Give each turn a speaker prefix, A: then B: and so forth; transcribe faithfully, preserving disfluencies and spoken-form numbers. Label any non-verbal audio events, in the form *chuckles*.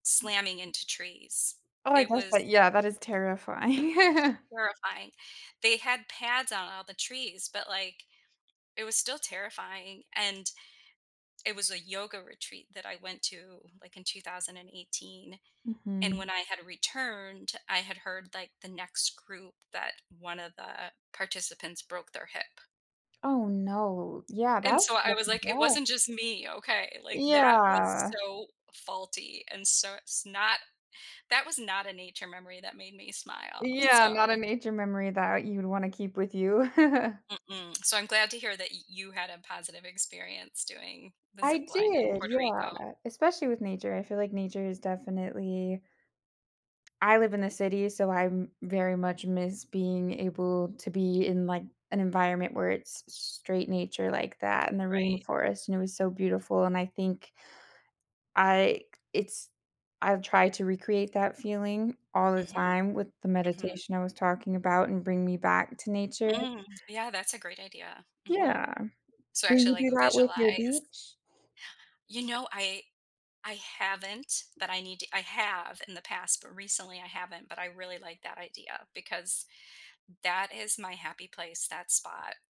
A: slamming into trees.
B: Oh, I
A: It
B: guess,
A: was
B: that Yeah, that is terrifying. *chuckles*
A: terrifying. They had pads on all the trees, but like, it was still terrifying, and it was a yoga retreat that I went to, like, in two thousand and eighteen, and
B: Mhm.
A: when I had returned, I had heard, like, the next group, that one of the participants broke their hip.
B: Oh, no, yeah,
A: And
B: that
A: so I
B: must
A: was
B: be
A: like, "It
B: rough.
A: wasn't just me, okay," like, that was
B: Yeah.
A: so faulty, and so it's not that was not a nature memory that made me smile,
B: Yeah,
A: so
B: not a nature memory that you would wanna keep with you. *chuckles*
A: Mm-mm. So, I'm glad to hear that you had a positive experience doing the
B: I
A: zip line in
B: did,
A: Puerto Rico.
B: yeah, especially with nature, I feel like nature is definitely I live in the city, so I'm very much miss being able to be in, like, an environment where it's straight nature like that in the
A: Right.
B: rainforest, and it was so beautiful, and I think I it's I've tried to recreate that feeling all the
A: Mhm.
B: time with the
A: Mhm.
B: meditation I was talking about and bring me back to nature.
A: Mm, yeah, that's a great idea. Mhm.
B: Yeah.
A: So
B: Will
A: actually,
B: you do
A: like,
B: that with your
A: visualize
B: beach?
A: You know, I I haven't, but I need to I have in the past, but recently I haven't, but I really like that idea because that is my happy place, that spot.